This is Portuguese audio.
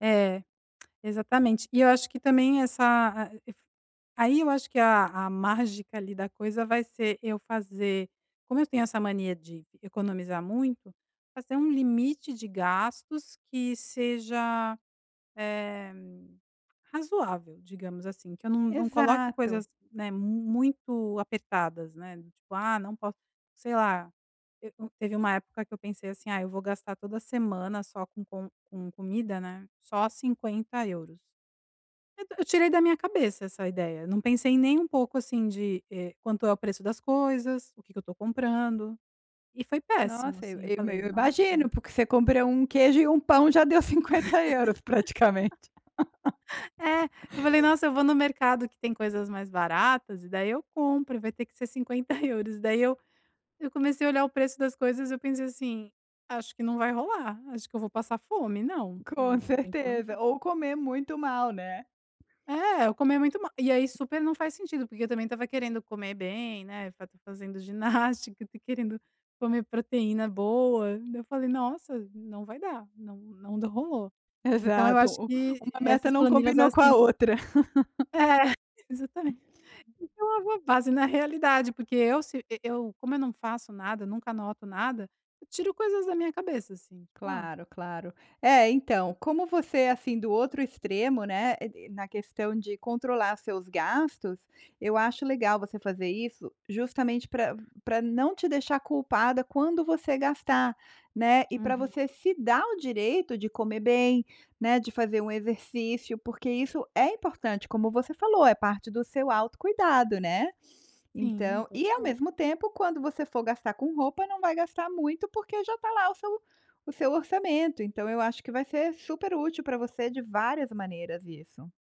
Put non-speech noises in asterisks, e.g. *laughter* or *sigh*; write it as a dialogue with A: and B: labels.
A: É, exatamente. E eu acho que também essa, ah, e fu aí, eu acho que a a mágica ali da coisa vai ser eu fazer como eu tenho essa mania de economizar muito, fazer um limite de gastos que seja, eh, razoável, digamos assim, que eu não não coloque
B: Exato!
A: coisas, né, muito apertadas, né, do tipo: "Ah, não posso" sei lá te hum, teve uma época que eu pensei assim: "Ah, eu vou gastar toda semana só com com com comida, né, só €50". Então, eu tirei da minha cabeça essa ideia. Não pensei nem um pouco assim de, eh, quanto é o preço das coisas, o que que eu estou comprando, e foi péssimo,
B: Nossa, eu
A: assim. Eu
B: eu
A: falei:
B: eu
A: "Nossa!".
B: imagino, porque você compra 1 queijo e 1 pão, já deu €50 praticamente.
A: *laughs* É,
B: *laughs*
A: eu falei: "Nossa, eu vou no mercado que tem coisas mais baratas e daí eu compro, e vai ter que ser €50". E daí, eu eu comecei a olhar o preço das coisas, eu pensei assim: "Acho que não vai rolar. Acho que eu vou passar fome. Não,
B: Com
A: não tem que
B: certeza!
A: aumentar".
B: Ou comer muito mal, né?
A: É, ou comer muito mal. E aí, super não faz sentido, porque eu também estava querendo comer bem, né, fa tá fazendo ginástica, tá querendo comer proteína boa. Daí, eu falei: "Nossa, não vai dar. Não não d rolou". Então, eu acho
B: Exato.
A: que
B: Uma meta
A: essas
B: não
A: planilhas,
B: combinou
A: elas
B: com
A: têm
B: a outra. *laughs*
A: É, exatamen então, *unintelligible* base na realidade, porque, eu, se eu eu, como eu não faço nada, nunca anoto nada, eu tiro coisas da minha cabeça, assim, tipo, a
B: Claro, claro. É, então, como você é assim do outro extremo, né, e e na questão de controlar seus gastos, eu acho legal você fazer isso justamente para para não te deixar culpada quando você gastar, né, e para
A: Uhum.
B: você se dar o direito de comer bem, né, de fazer um exercício, porque isso é importante, como você falou, é parte do seu autocuidado, né.
A: Sim,
B: Então e ao
A: total.
B: mesmo tempo, quando você for gastar com roupa, não vai gastar muito, porque já está lá o seu o seu orçamento. Então eu acho que vai ser super útil para você de várias maneiras isso.